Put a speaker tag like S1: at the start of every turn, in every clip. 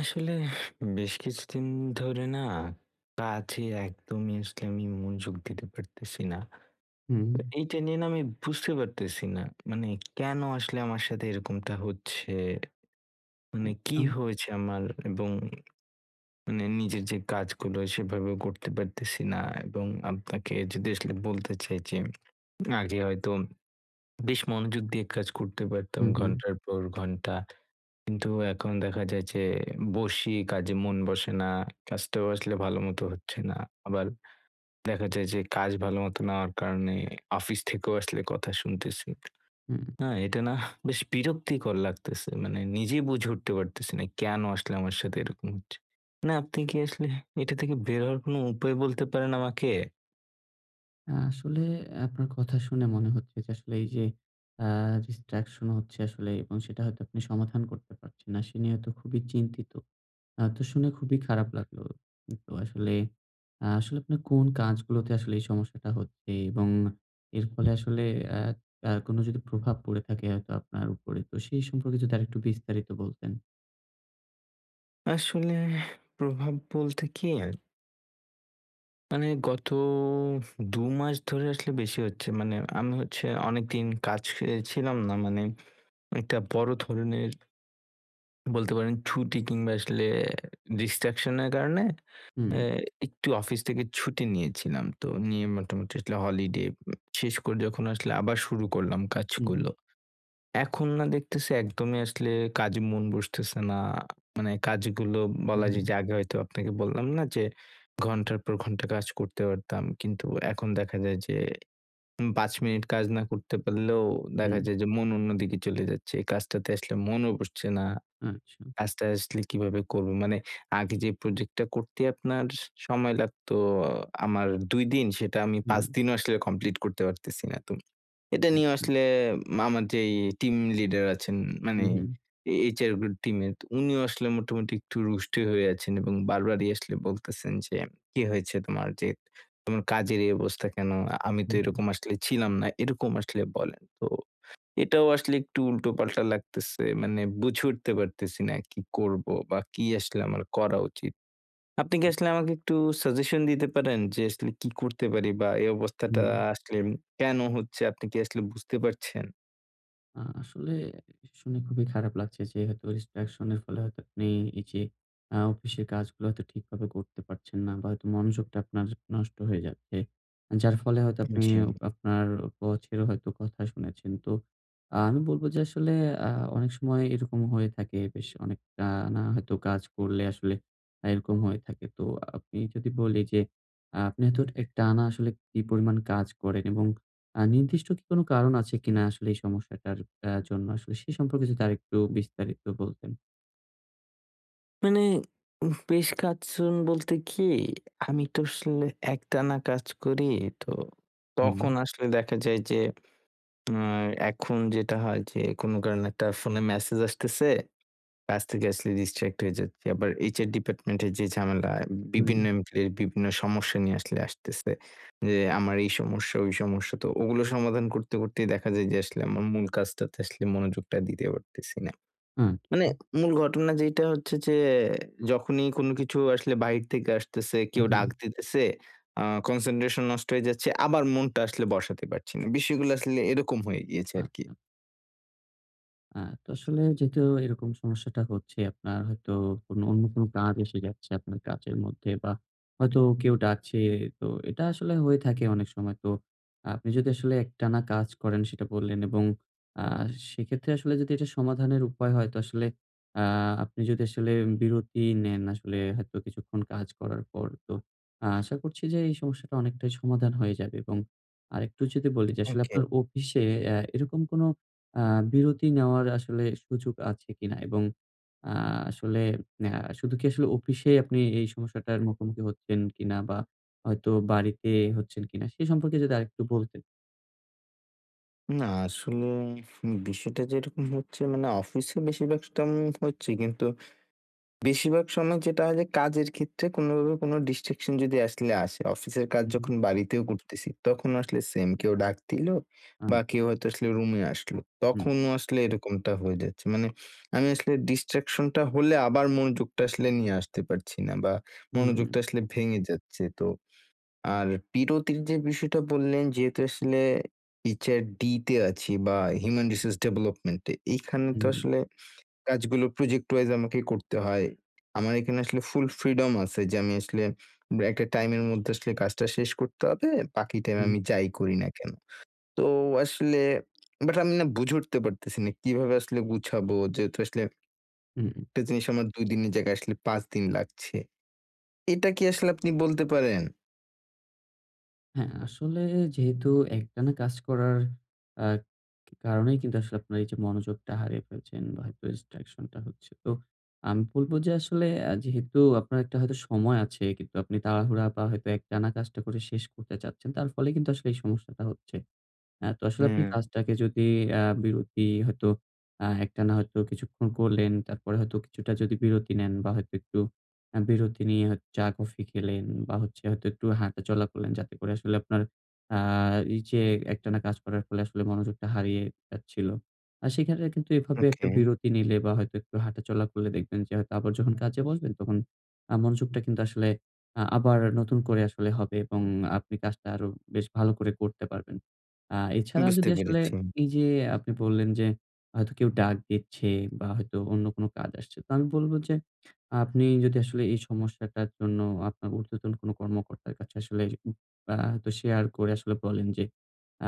S1: আসলে বেশ কিছুদিন ধরে না, কাজে একদমই আসলে আমি মনযোগ দিতে পারতেছি না।
S2: হুম।
S1: এ এইটা নিয়ে না আমি বুঝতে পারতেছি না, মানে কেন আসলে আমার সাথে এরকমটা হচ্ছে? মানে কি
S2: আচ্ছা।
S1: হয়েছে আমার? এবং মানে নিজের যে কাজগুলো সেভাবেও করতে পারতেছি না এবং আপনাকে যদি আসলে বলতে চাই যে আগে হয়তো বেশ মনোযোগ দিয়ে কাজ করতে পারতাম
S2: হুম, হুম।
S1: ঘন্টার পর ঘন্টা। কিন্তু এখন দেখা যায় যে, বসি কাজে মন বসে না। কাজটাও আসলে ভালোমতো হচ্ছে না। আবার দেখা যায় যে কাজ ভালোমতো না হওয়ার কারনে অফিস থেকেও আসলে কথা শুনতেছি।
S2: হুম।
S1: না, এটা নাহ বেশ বিরক্তিকর লাগতেছে। মানে নিজেই বুঝে উঠতে পারতেছি না কেন আসলে আমার সাথে এরকম হচ্ছে? না আপনি কি আসলে এটা থেকে বের হওয়ার কোন উপায় বলতে পারেন আমাকে?
S2: আ আসলে আপনার কথা শুনে মনে হচ্ছে যে, আসলে এই যে অ্যা distraction হচ্ছে আসলে এবং সেটা হয়তো আপনি সমাধান করতে পারছেন না। সে নিয়ে তো খুবই চিন্তিত। আ তো শুনে খুবই খারাপ লাগলো। তো আসলে আ আসলে আপনার কোন কাজগুলোতে আসলে এই সমস্যাটা হচ্ছে? এবং এর ফলে আসলে অ্যা অ্যা কোনো যদি প্রভাব পরে থাকে হয়তো আপনার উপরে। তো সেই সম্পর্কে যদি আরেকটু বিস্তারিত বলতেন।
S1: আসলে প্রভাব বলতে কী মানে গত ২ মাস ধরে আসলে বেশি হচ্ছে। মানে আমি হচ্ছে অনেকদিন কাজ ছে ছিলাম না। মানে একটা বড় ধরনের বলতে পারেন ছুটি কিংবা আসলে ডিস্ট্রাকশনের কারণে এ
S2: হুম।
S1: একটু অফিস থেকে ছুটি নিয়েছিলাম। তো নিয়ে মোটামুটি আসলে হলিডে উ শেষ করে যখন আসলে আবার শুরু করলাম
S2: উ হুম।
S1: কাজগুলো, এখন না দেখতাসি একদমই আসলে কাজে মন বসতেসে না। মানে কাজগুলো
S2: উ
S1: বলা যায়
S2: হুম।
S1: যে আগে হয়তো আপনাকে বললাম না যে ঘণ্টার পর ঘণ্টা কাজ করতে পারতাম। কিন্তু এখন দেখা যায় যে উম ৫ মিনিট কাজ না করতে পারলেও দেখা
S2: হুম।
S1: যায় যে মন অন্যদিকে চলে যাচ্ছে। কাজটাতে আসলে মনও বসছে না।
S2: আচ্ছা।
S1: কাজটা আসলে কীভাবে করব? মানে আগে যে প্রজেক্টটা করতে আপনার সময় লাগত আমার ২ দিন, সেটা আমি ৫
S2: হুম।
S1: দিনেও আসলে কমপ্লিট করতে পারতেসিনা না। তো এটা নিয়েও
S2: আচ্ছা।
S1: আসলে আমার যে টিম লিডার আছেন
S2: উ
S1: মানে
S2: হুম।
S1: এ HR গুলো টিমের, তো উনিও আসলে মোটামুটি একটু রুষ্টই হয়ে আছেন এবং বারবারই আসলে বলতেসেন যে, "কী হয়েছে তোমার? যে তোমার কাজের এই অবস্থা কেন?" আমি তো
S2: হুম, হুম।
S1: এরকম আসলে ছিলাম না এরকম আসলে বলেন। তো এটাও আসলে একটু উল্টোপাল্টা লাগতেসে। মানে বুঝে উঠতে পারতেসিনা কী করব? বা কী আসলে আমার করা উচিত? আপনি কি
S2: উম।
S1: আসলে আমাকে একটু সাজেশন দিতে পারেন যে আসলে কী করতে পারি বা এই অবস্থাটা
S2: হুম।
S1: আসলে কেন হচ্ছে, আপনি কি আসলে বুঝতে পারছেন?
S2: আ আসলে শুনে খুবই খারাপ লাগছে, যে হয়তোবা ডিস্ট্রাকশনের ফলে হয়তো আপনি এই যে আ অফিসের কাজগুলো হয়তো ঠিকভাবে করতে পারছেন না বা হয়তো মনোযোগটা আপনার নষ্ট হয়ে যাচ্ছে। যার ফলে হয়তো
S1: উ
S2: আপনি
S1: জি।
S2: আপনার বসেরও হয়তো কথা শুনেছেন। তো আমি বলব যে আসলে আ অনেক সময় এরকম হয়ে থাকে, বেশ অনেক টানা হয়তো কাজ করলে আসলে এরকম হয়ে থাকে। তো আমি যদি বলি যে আ আপনি হয়তো এক টানা আসলে কি পরিমাণ কাজ করেন এবং আ নির্দিষ্ট কি কোন কারণ আছে কিনা আসলে এই সমস্যাটার এ জন্য আসলে সেই সম্পর্কে যদি আরেকটু বিস্তারিত বলতেন?
S1: মানে উম বেশ [unintelligible] বলতে কি, আমি তো আসলে একটানা কাজ করি, তো তখন
S2: হুম।
S1: আসলে দেখা যায় যে উ এখন যেটা হয় যে কোনো কারণে একটা ফোনে ম্যাসেজ আসতেছে কাজ থেকে আসলে ডিস্ট্রাক্ট হয়ে যাচ্ছি। আবার HR ডিপার্ট্মেন্টের যে ঝামেলা বিভিন্ন
S2: হুম।
S1: এমপ্লইর বিভিন্ন সমস্যা নিয়ে আসলে আসতেছে যে আমার এই সমস্যা, ওই সমস্যা। তো ওগুলো সমাধান করতেই দেখা যায় যে আসলে আমার মূল কাজটাতে আসলে মনোযোগটা দিতে পারতেছি না।
S2: উ
S1: মানে
S2: হুম।
S1: মূল ঘটনা যেiটা হচ্ছে যে যখনই কোন কিছু আসলে বাহির থেকে আসতেছে, কেউ
S2: হুম।
S1: ডাক দিতেছে, আ কনসেনট্রেশন নষ্ট হয়ে যাচ্ছে আবার মনটা আসলে বসাতে পারছি না বিষয়গুলো আসলে এরকম হয়ে গিয়েছে আরকি।
S2: আচ্ছা। আ তো আসলে যেহেতু এরকম সমস্যাটা হচ্ছে আপনার হয়তো কোনো অন্য কোনো কাজ এসে যাচ্ছে আপনার কাজের মধ্যে বা হয়তো কেউ ডাকছে, তো এটা আসলে হয়ে থাকে অনেক সময়। তো আপনি যদি আসলে একটানা কাজ করেন সেটা বললেন এবং আ সেক্ষেত্রে আসলে যদি এটা সমাধানের উপায় হয় তো আসলে আ আপনি যদি আসলে বিরতি নেন আসলে হয়তো কিছুক্ষণ কাজ করার পর তো আ আশা করছি যে এই সমস্যাটা অনেকটাই সমাধান হয়ে যাবে এবং আরেকটু যদি বলি যে আসলে
S1: ওকে।
S2: আপনার অফিসে এ এরকম কোনো আ বিরতি নেওয়ার আসলে সুযোগ আছে কি না? এবং আ আসলে আ শুধু কি আসলে অফিসে আপনি এই সমস্যাটার মুখোমুখি হচ্ছেন কি না? বা হয়তো বাড়িতে হচ্ছেন কি না সে সম্পর্কে যদি আরেকটু বলতেন?
S1: না আসলে, বিষয়টা যেরকম হচ্ছে মানে অফিসে বেশির ভাগ টাম হচ্ছে কিন্তু, বেশিরভাগ সময় যেটা হয় কাজের ক্ষেত্রে কোনোভাবে কোনো ডিস্ট্রাকশন যদি আসলে আসে অফিসের কাজ
S2: উ হুম।
S1: যখন বাড়িতেও করতেছি তখনও আসলে সেম, কেউ ডাক দিলো বা
S2: আম
S1: কেউ হয়তো আসলে রুমে আসলো
S2: হুম।
S1: তখনও আসলে এরকমটা হয়ে যাচ্ছে। মানে আমি আসলে ডিস্ট্রাকশনটা হলে আবার মনোযোগটা আসলে নিয়ে আসতে পারছি না। বা
S2: উম
S1: মনোযোগটা আসলে ভেঙে যাচ্ছে। তো আর বিরতির যে বিষয়টা বললেন যেহেতু আসলে HRD তে আছি বা হিউম্যান রিসোর্স ডেভেলপমেন্টে, এইখানে তো
S2: হুম।
S1: আসলে কাজগুলো প্রজেক্ট ওয়াইজ আমাকে করতে হয়। আমার এখানে আসলে ফুল ফ্রিডম আছে যে আমি আসলে উম একটা টাইমের মধ্যে আসলে কাজটা শেষ করতে হবে বাকি টাইমে
S2: হুম।
S1: আমি যাই করি না কেন। তো আসলে, বাট আমি না বুঝে উঠতে পারতেছি না কীভাবে আসলে গুছাবো? যেহেতু আসলে
S2: উম
S1: একটা জিনিস আমার ২ দিনের জায়গায় আসলে ৫ দিন লাগছে। এটা কি আসলে আপনি বলতে পারেন?
S2: হ্যাঁ, আসলে যেহেতু একটানা কাজ করার আ কারনেই কিন্তু আসলে আপনার এই যে মনোযোগটা হারিয়ে ফেলছেন, হয়তো distraction টা হচ্ছে। তো আমি বলব যে আসলে এ যেহেতু আপনার একটা হয়তো সময় আছে। কিন্তু আপনি তাড়াহুড়া বা হয়তো একটানা কাজটা শেষ করতে চাচ্ছেন। তার ফলে কিন্তু আসলে এই সমস্যাটা হচ্ছে। অ্যা তো আসলে আপনি
S1: হুম।
S2: কাজটাকে যদি অ্যা বিরতি হয়তো আ একটানা হয়তো কিছুক্ষণ করলেন। তারপরে হয়তো কিছুটা যদি বিরতি নেন। বা হয়তো একটু অ্যা বিরতি নিয়ে হয়তো চা-কফি খেলেন, বা হচ্ছে হয়তো একটু হাঁটাচলা করলেন যাতে করে আসলে আপনার আ এই যে একটানা কাজ করার ফলে আসলে মনোযোগটা হারিয়ে যাচ্ছিল, আ সেখানে কিন্তু এভাবে একটা
S1: Okay.
S2: বিরতি নিলে বা হয়তো একটু হাঁটাচলা করলে দেখবেন, যে হয়তো আবার যখন কাজে বসবেন তখন আ মনোযোগটা কিন্তু আসলে আ আবার নতুন করে আসলে হবে। এবং আপনি কাজটা আরো বেশ ভালো করে করতে পারবেন। আ এছাড়া
S1: বুঝতে
S2: যদি আসলে,
S1: পেরেছি।
S2: এই যে আপনি বললেন যে হয়তো কেউ ডাক দিচ্ছে বা হয়তো অন্য কোন কাজ আসছে। তো আমি বলব যে আপনি যদি আসলে এই সমস্যাটার জন্য আপনার উর্ধ্বতন কোনো কর্মকর্তার কাছে আসলে উপ আ হয়তো শেয়ার করে আসলে বলেন যে,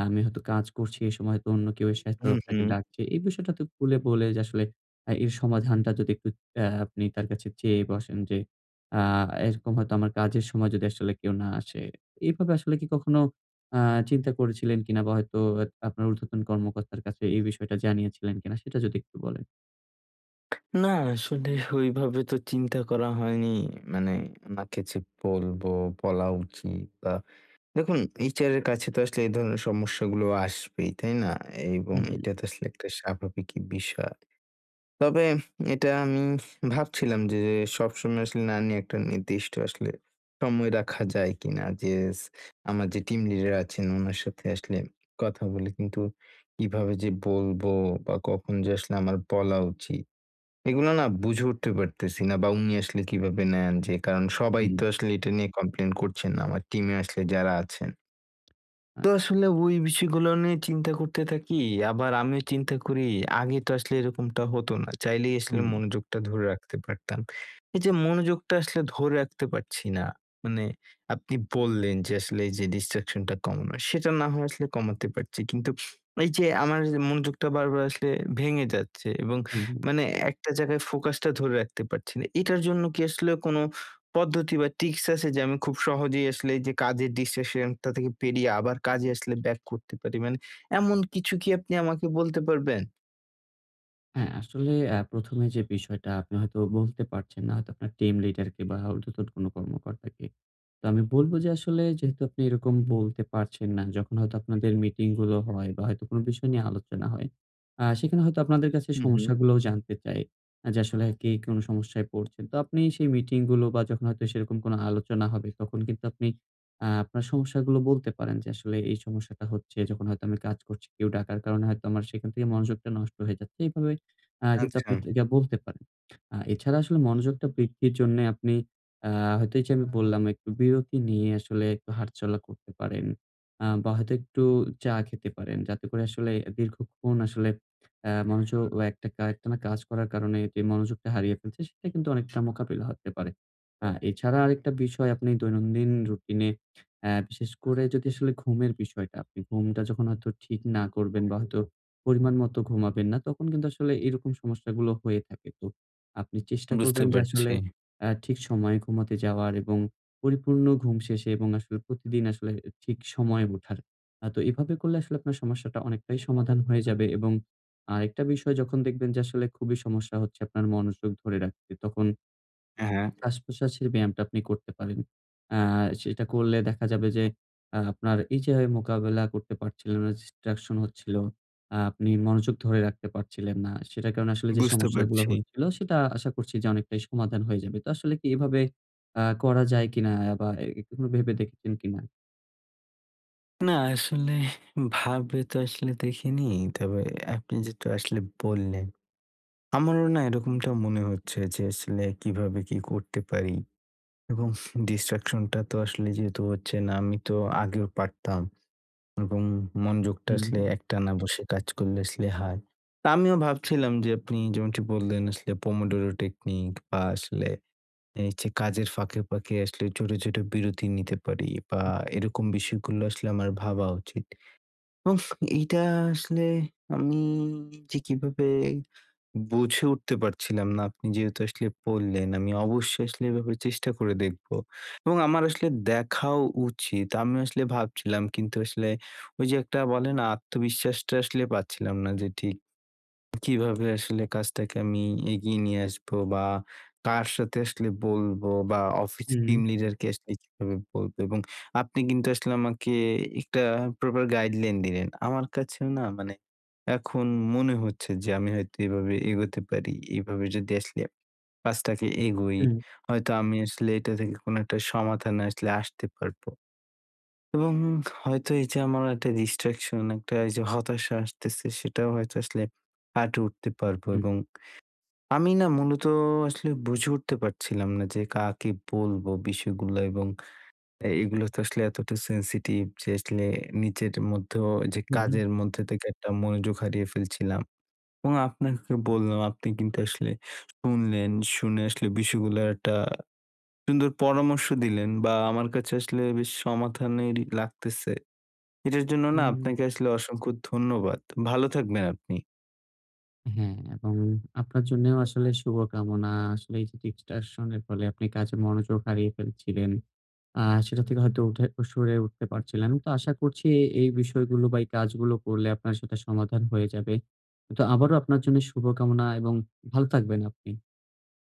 S2: আমি হয়তো কাজ করছি এ সময় তো অন্য কেউ এসে হয়তো
S1: হু,
S2: আপনাকে
S1: হু।
S2: ডাকছে। এই বিষয়টা তো খুলে বলে যে আসলে আ এর সমাধানটা যদি একটু অ্যা আপনি তার কাছে চেয়ে বসেন। যে আ এরকম হয়তো আমার কাজের সময় যদি আসলে কেউ না আসে। এভাবে আসলে কি কখনো আ চিন্তা করেছিলেন কিনা? বা হয়তো এক আপনার উর্ধ্বতন কর্মকর্তার কাছে এই বিষয়টা জানিয়েছিলেন কিনা? সেটা যদি একটু বলেন।
S1: না আসলে ওইভাবে তো চিন্তা করা হয়নি, মানে ওনাকে যে বলবো, বলা উচিত বা দেখুন HR এর কাছে তো আসলে এই ধরনের সমস্যাগুলো আসবেই, তাই না? এবং
S2: হু,
S1: এটা
S2: হু।
S1: তো আসলে একটা স্বাভাবিকই বিষয়। তবে উ এটা উমহ আমি ভাবছিলাম যে সবসময় আসলে না নিয়ে একটা নির্দিষ্ট আসলে সময় রাখা যায় কিনা? যে স আমার যে টিম লিডার আছেন ওনার সাথে আসলে কথা বলে কিন্তু কিভাবে যে বলবো? বা কখন যে আসলে আমার বলা উচিত? এগুলো না বুঝে উঠতে পারতেছি না, বা উনি আসলে কিভাবে নেন? যে কারণ সবাই
S2: উম
S1: তো আসলে এটা নিয়ে complain করছেন না, আমার টিমে আসলে যারা আছেন।
S2: আয়
S1: তো আসলে ওই বিষয়গুলো নিয়ে চিন্তা করতে থাকি, আবার আমিও চিন্তা করি আগে তো আসলে এরকমটা হতো না, চাইলেই আসলে
S2: হুম।
S1: মনোযোগটা ধরে রাখতে পারতাম। এইযে মনোযোগটা আসলে ধরে রাখতে পারছি না, মানে আপনি বললেন যে আসলে এই যে ডিস্ট্রাকশন টা কমানো সেটা, না হয় আসলে কমাতে পারছি, কিন্তু এইযে আমার মনোযোগটা বারবার আসলে ভেঙে যাচ্ছে এবং
S2: হু, হুম।
S1: মানে একটা জায়গায় ফোকাসটা ধরে রাখতে পারছি না। এটার জন্য কি আসলে কোনো পদ্ধতি বা টিক্স আছে যে আমি খুব সহজেই আসলে এইযে কাজের ডিস্ট্রাকশন টা থেকে বেরিয়ে আবার কাজে আসলে ব্যাক করতে পারি? মানে এমন কিছু কি আপনি আমাকে বলতে পারবেন?
S2: অ্যা আসলে অ্যা ১ম, এ যে বিষয়টা আপনি হয়তো বলতে পারছেন না হয়তো আপনার টিম লিডার কে বা ঊর্ধ্বতন কোন কর্মকর্তাকে। তো আমি বলব যে আসলে যেহেতু আপনি এরকম বলতে পারছেন না যখন হয়তো আপনাদের মিটিং গুলো হয় বা হয়তো কোন বিষয় নিয়ে আলোচনা হয়। আ সেখানে হয়তো আপনাদের কাছে
S1: হুম, হুম।
S2: সমস্যাগুলোও জানতে চায়। আ যে আসলে কে কোনো সমস্যায় পড়ছেন? তো আপনি সেই মিটিং গুলো বা যখন হয়তো সেরকম কোন আলোচনা হবে তখন কিন্তু আপনি আ আপনার সমস্যাগুলো বলতে পারেন যে আসলে এই সমস্যাটা হচ্ছে যখন হয়তো আমি কাজ করছি। কেউ ডাকার কারণে হয়তো সেখান থেকে মনোযোগটা নষ্ট হয়ে যাচ্ছে। এভাবে আ কিন্তু আপনি
S1: আচ্ছা।
S2: এটা বলতে পারেন। আ এছাড়া আসলে মনোযোগটা বৃদ্ধির জন্য আপনি আ হয়তো এই যে আমি বললাম একটু বিরতি নিয়ে আসলে একটু হাঁটাচলা করতে পারেন। আ বা হয়তো একটু চা খেতে পারেন যাতে করে আসলে দীর্ঘক্ষণ আসলে অ্যা মনোযোগ ও একটা একটানা কাজ করার কারণে যে মনোযোগটা হারিয়ে ফেলছে সেটা কিন্তু অনেকটা মোকাবিলা হতে পারে। আ এছাড়া আরেকটা বিষয় আপনি দৈনন্দিন রুটিনে আ বিশেষ করে যদি আসলে ঘুমের বিষয়টা আপনি ঘুমটা যখন হয়তো ঠিক না করবেন বা হয়তো পরিমাণ মত ঘুমাবেন না তখন কিন্তু আসলে এরকম সমস্যাগুলো হয়ে থাকে। তো আপনি চেষ্টা
S1: বুঝতে
S2: করবেন যে আসলে
S1: পারছি।
S2: আ ঠিক সময়ে ঘুমাতে যাওয়ার এবং পরিপূর্ণ ঘুম শেষে এবং আসলে প্রতিদিন আসলে ঠিক সময়ে উঠার। আ তো এভাবে করলে আসলে আপনার সমস্যাটা অনেকটাই সমাধান হয়ে যাবে এবং আ আরেকটা বিষয় যখন দেখবেন যে আসলে খুবই সমস্যা হচ্ছে আপনার মনোযোগ ধরে রাখতে তখন
S1: এ হ্যাঁ।
S2: শ্বাসপ্রশ্বাসের ব্যায়ামটা আপনি করতে পারেন। আ সেটা করলে দেখা যাবে যে আ আপনার এই যে মোকাবেলা করতে পারছিলো না, distraction হচ্ছিল। আ আপনি মনোযোগ ধরে রাখতে পারছিলেন না। সেটার কারণ আসলে যে
S1: বুঝতে
S2: সমস্যাগুলা
S1: পারছি।
S2: হচ্ছিল সেটা আশা করছি যে অনেকটাই সমাধান হয়ে যাবে। তো আসলে কি এভাবে আ করা যায় কিনা অ্যা বা অ্যা এভাবে ভেবে দেখেছেন কিনা?
S1: না আসলে ভাবে তো আসলে দেখিনি। তবে আপনি যেহেতু আসলে বললেন, আমারও না এরকমটা মনে হচ্ছে যে আসলে কীভাবে কী করতে পারি? এবং distraction টা তো আসলে যেহেতু হচ্ছে না আমি তো আগেও পারতাম, এবং মনযোগটা আসলে
S2: হুম।
S1: একটানা বসে কাজ করলে আসলে হয়। তো আমিও ভাবছিলাম যে আপনি যেমনটি বললেন আসলে Pomodoro technique বা আসলে এ হচ্ছে কাজের ফাঁকে, ফাঁকে আসলে ছোট, ছোট বিরতি নিতে পারি বা
S2: উ
S1: এরকম বিষয়গুলো আসলে আমার ভাবা উচিৎ। উফ এইটা আসলে আমি যে কীভাবে বুঝে উঠতে পারছিলাম না আপনি যেহেতু আসলে বললেন, আমি অবশ্যই আসলে এ ব্যাপারে চেষ্টা করে দেখবো এবং আমার আসলে দেখাও উচিৎ আমি আসলে ভাবছিলাম কিন্তু আসলে ওই যে একটা বলেনা? আত্মবিশ্বাসটা আসলে পাচ্ছিলাম না যে ঠিক কীভাবে আসলে কাজটাকে আমি এগিয়ে নিয়ে আসবো বা কার সাথে আসলে বলবো? বা অফিস
S2: হুম।
S1: টিম লিডারকে আসলে কীভাবে বলবো এবং আপনি কিন্তু আসলে আমাকে একটা প্রপার গাইডলাইন দিলেন। আমার কাছেও না মানে এখন মনে হচ্ছে যে আমি হয়তো এভাবে এগোতে পারি। এভাবে যদি আসলে কাজটাকে এগোই,
S2: উম।
S1: হয়তো আমি আসলে এটা থেকে কোন একটা সমাধানে আসলে আসতে পারবো। এবং হয়তো এই যে আমার একটা distraction একটা এই যে হতাশা আসতেছে সেটাও হয়তো আসলে কাঁটিয়ে উঠতে পারবো
S2: হুম।
S1: এবং আমি না মূলত আসলে বুঝে উঠতে পারছিলাম না যে কাকে বলবো বিষয়গুলো এবং এ এগুলো তো আসলে এতটা সেনসিটিভ যে আসলে নিজের মধ্যে যে
S2: হুম।
S1: কাজের মধ্যে থেকে একটা মনোযোগ হারিয়ে ফেলছিলাম এবং আপনাকে বললাম আপনি কিন্তু আসলে শুনলেন, শুনে আসলে বিষয়গুলার একটা সুন্দর পরামর্শ দিলেন। বা আমার কাছে আসলে বেশ সমাধানের লাগতেছে। এটার জন্য না
S2: হুম।
S1: আপনাকে আসলে অসংখ্য ধন্যবাদ। ভালো থাকবেন আপনি।
S2: হ্যাঁ এবং আপনার জন্যেও আসলে শুভকামনা। আসলে এই যে distraction এর ফলে আপনি কাজে মনোযোগ হারিয়ে ফেলছিলেন আ সেটা থেকে হয়তো উঠে সরে উঠতে পারছিলেন। তো আশা করছি এই বিষয়গুলো বা এই কাজগুলো করলে আপনার সেটা সমাধান হয়ে যাবে। তো আবারো আপনার জন্য শুভকামনা এবং ভালো থাকবেন আপনি।